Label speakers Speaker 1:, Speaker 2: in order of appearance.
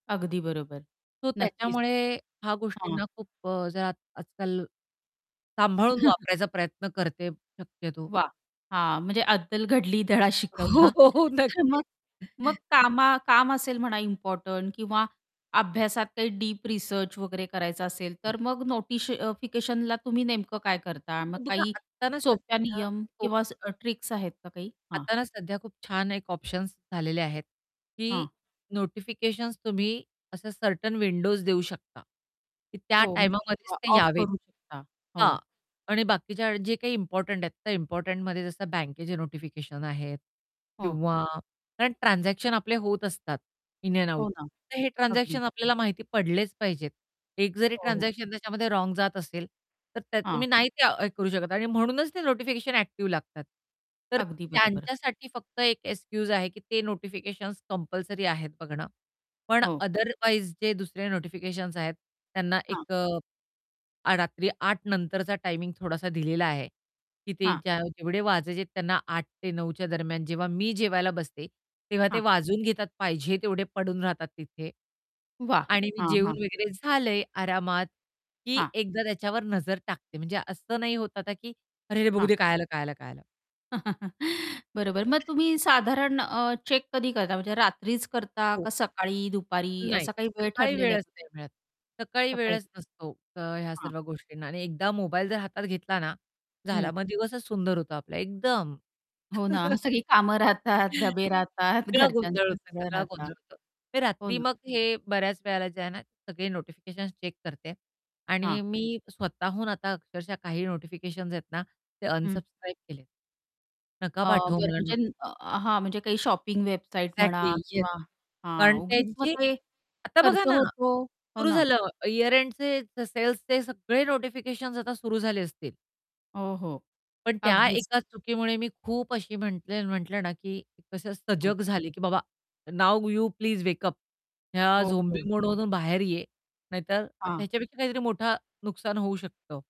Speaker 1: अगदी बरोबर.
Speaker 2: सो
Speaker 1: नक्कीच.
Speaker 2: त्याच्यामुळे हा
Speaker 1: हां.
Speaker 2: गोष्टींना खूप अ, जरा आजकाल सांभाळून वापरायचा प्रयत्न करते शक्यतो.
Speaker 1: वाह! हां, म्हणजे अद्दल घडली, धडा
Speaker 2: हो,
Speaker 1: शिकवला.
Speaker 2: हो, हो.
Speaker 1: मग
Speaker 2: नक्कीच.
Speaker 1: मग कामा काम असेल म्हणा इम्पोर्टंट किंवा अभ्यासात काही डीप रिसर्च वगैरे करायचं असेल,
Speaker 2: [unintelligible]
Speaker 1: तर मग नोटिश फिकेशनला तुम्ही नेमकं काय करता? मग
Speaker 2: बघा,
Speaker 1: काही
Speaker 2: आत ना सध्या
Speaker 1: सोप्या नियम
Speaker 2: [unintelligible]
Speaker 1: किंवा ट्रिक्स आहेत का काही? हां.
Speaker 2: आता ना सध्या खूप छान एक ऑप्शन्स झालेले आहेत की
Speaker 1: हं.
Speaker 2: नोटिफिकेशन्स तुम्ही असं सर्टन विंडोज देऊ शकता की त्या
Speaker 1: हो, म्हणजे
Speaker 2: टाईमामध्येच
Speaker 1: किंवा
Speaker 2: ते
Speaker 1: ऑफ
Speaker 2: यावेत
Speaker 1: करू शकता.
Speaker 2: हां,
Speaker 1: हो.
Speaker 2: आणि बाकीच्या वेळी जे काही इम्पोर्टंट आहेत, त्या इम्पोर्टंटमध्ये जसं बँकेचे नोटिफिकेशन आहेत
Speaker 1: हो.
Speaker 2: किंवा कारण ट्रान्झॅक्शन आपले होत असतात इन अँड आउट.
Speaker 1: हो ना,
Speaker 2: तर हे
Speaker 1: अगदी.
Speaker 2: ट्रान्झॅक्शन आपल्याला माहिती पडलेच पाहिजेत. एक जरी
Speaker 1: हो, हो.
Speaker 2: ट्रान्झॅक्शन त्याच्यामध्ये रॉंग जात असेल तर त्या
Speaker 1: हां.
Speaker 2: तुम्ही नाही त्या हे करू शकत आणि म्हणूनच ते नोटिफिकेशन ॲक्टिव लागतात. तर
Speaker 1: अगदी बरोबर.
Speaker 2: त्यांच्यासाठी फक्त एक एक्सक्यूज आहे की ते नोटिफिकेशन्स कंपल्सरी आहेत बघणं. पण
Speaker 1: हो.
Speaker 2: अदरवाइज़ जे दुसरे नोटिफिकेशन्स आहेत, त्यांना
Speaker 1: हां.
Speaker 2: एक अ, आ रात्री 08:00 नंतरचा टायमिंग थोडासा दिलेला आहे की ते
Speaker 1: हां.
Speaker 2: ज्या जेवढे वाजायचे आहेत त्यांना 8:00 ते 9:00च्या दरम्यान, जेव्हा मी जेवायला बसते, तेव्हा ते
Speaker 1: हां.
Speaker 2: वाजवून घेतात. पाहिजे तेवढे पडून राहतात तिथे.
Speaker 1: वाह!
Speaker 2: आणि मी
Speaker 1: हां,
Speaker 2: जेवून
Speaker 1: हां.
Speaker 2: वगैरे झाले आरामात, की
Speaker 1: हां.
Speaker 2: एकदा त्याच्यावर नजर टाकते. म्हणजे असं नाही होत आता की "अरे, अरे, बघू
Speaker 1: हां.
Speaker 2: दे, काय आलं, काय आलं, काय आलं!"
Speaker 1: बरोबर. मग तुम्ही साधारण अ, चेक कधी करता? म्हणजे रात्रीच करता?
Speaker 2: हो.
Speaker 1: का सकाळी, दुपारी
Speaker 2: नाही
Speaker 1: असा काही वेळ
Speaker 2: सकाळी
Speaker 1: ठरलेला आहे
Speaker 2: वेळच
Speaker 1: का?
Speaker 2: नाही मिळत. सकाळी
Speaker 1: सकाळी
Speaker 2: वेळच नसतो क ह्या
Speaker 1: हां.
Speaker 2: सर्व गोष्टींना आणि एकदा मोबाईल जर हातात घेतला ना, झाला,
Speaker 1: हं.
Speaker 2: मग दिवसच सुंदर होतो आपला एकदम.
Speaker 1: हो ना, सगळी कामं राहतात, डबे राहतात,
Speaker 2: सगळा गोंधळ
Speaker 1: घरच्यांचं
Speaker 2: होतो,
Speaker 1: सगळं
Speaker 2: सगळा
Speaker 1: राहता
Speaker 2: गोंधळ होतो. ते
Speaker 1: हो
Speaker 2: रात्री
Speaker 1: ना.
Speaker 2: मग हे बऱ्याच वेळेला जे आहे ना, सगळे नोटिफिकेशन्स चेक करते आणि
Speaker 1: हां.
Speaker 2: मी स्वतःहून आता अक्षरशः काही नोटिफिकेशन्स आहेत ना ते
Speaker 1: हं.
Speaker 2: अनसबस्क्राईब केलेत. नका
Speaker 1: अ,
Speaker 2: पाठवू
Speaker 1: बरं
Speaker 2: मला नो
Speaker 1: म्हणजे न हां, म्हणजे काही शॉपिंग वेबसाईट
Speaker 2: एक्झॅक्टली
Speaker 1: म्हणा
Speaker 2: येस,
Speaker 1: किंवा हां, उगीच मग
Speaker 2: कंटेंटची
Speaker 1: ते
Speaker 2: आता बघा
Speaker 1: खर्च
Speaker 2: ना,
Speaker 1: होतो. हो
Speaker 2: सुरु
Speaker 1: ना.
Speaker 2: झालं, ईअर एंडचे, सेल्सचे, सगळे नोटिफिकेशन्स आता सुरु झाले असतील.
Speaker 1: हो, हो.
Speaker 2: पण त्या
Speaker 1: अगदीच.
Speaker 2: एका चुकीमुळे मी खूप अशी म्हटले म्हटलं ना की कसं
Speaker 1: हो.
Speaker 2: सजग झाले की "बाबा now you please wake up ह्या
Speaker 1: हो, हो.
Speaker 2: झोंबी मोडमधून बाहेर ये, नाहीतर आता
Speaker 1: हां.
Speaker 2: ह्याच्यापेक्षा काहीतरी मोठा नुकसान होऊ शकतं."